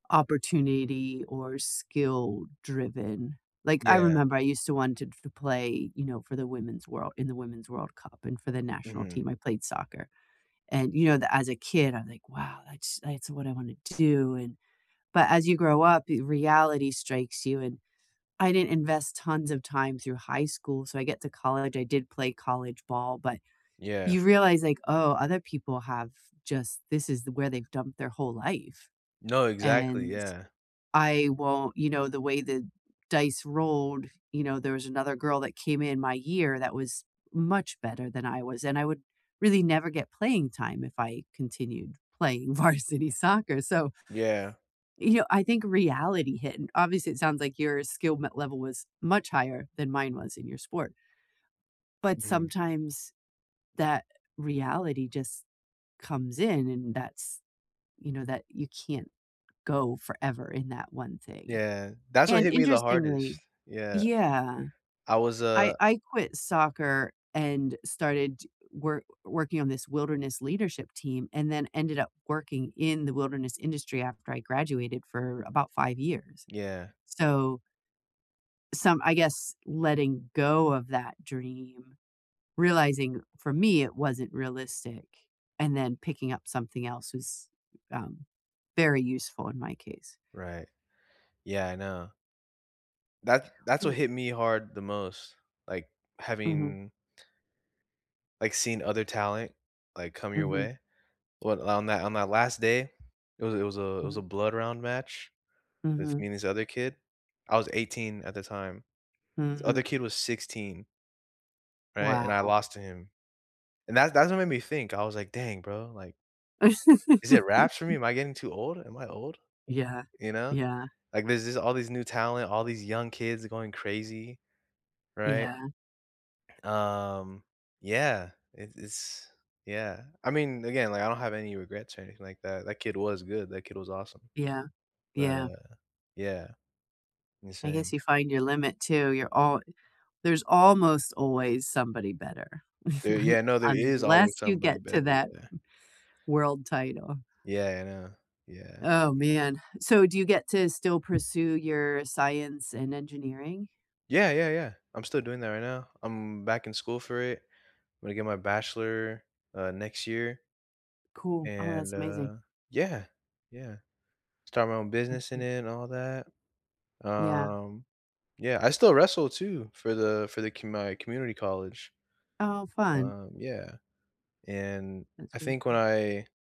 opportunity or skill-driven. Like, I Yeah. remember I used to wanted to f play, you know, for the Women's World in the Women's World Cup, and for the national Mhm. team I played soccer. And, you know, tha as a kid, I'm like, "Wow, that's that's what I wanna do, and" But as you grow up, y reality strikes you, and I didn't invest tons of time through high school, so I get to college I did play college ball, but Yeah. you realize, like, "Oh, other people have just this is th where they've dumped their whole life, No, exactly, and yeah. I won't" You know, the way the dice rolled, you know, there was another girl that came in my year that was much better than I was, and I would really never get playing time if I continued playing varsity soccer, so Yeah. you know, I think reality hit, and obviously, it sounds like your skill m level was much higher than mine was, in your sport but Mhm. sometimes, that reality just comes in, and that's you know, that you can't go forever in that one thing, Yeah. That's what and, hit me the hardest. interestingly Yeah. Yeah. I was, I uh I quit soccer, and started work working on this wilderness leadership team, and then ended up working in the wilderness industry after I graduated for about 5 years. Yeah. So some I guess, letting go of that dream, realizing, for me, it wasn't realistic, and then picking up something else, was, um, very useful, in my case. Right. Yeah, I know. That that's what W hit me hard the most. Like, Mhm. having like, seeing other talent, like, come your Mhm. way. What on that on that last day, it was it was a it was Mhm. a blood round match with me Mhm. and this other kid. I was 18 at the time. This other Mhm. kid was 16. Right? And I Wow. lost to him. And that that's what made me think, I was like, "Dang, bro," like "is it wraps for me? Am I getting too old? Am I old?" Yeah. You know? Yeah. Like, these these all these new talent, all these young kids going crazy. Right? Yeah. Um, yeah. It it's yeah. I mean, again, like, I don't have any regrets or anything like that, that kid was good, that kid was awesome. Yeah. But, Yeah. uh, yeah. I guess Insane. you find your limit, too, you're all There's almost always somebody better, There yeah, no, there is always unless you somebody get to better, that yeah. world title. Yeah, I know. Yeah. Oh, man. So, do you get to still pursue your science and engineering? Yeah, yeah, yeah. I'm still doing that right now. I'm back in school for it. I'm gonna get my bachelor, uh, next year Cool. Oh, and, that's amazing. uh, yeah, yeah. Start my own That's business in neat. it and all that. Yeah. Um yeah, I still wrestle, too, for the for the commu my community college. Oh, fun. Um, yeah. And, That's I really think when cool. I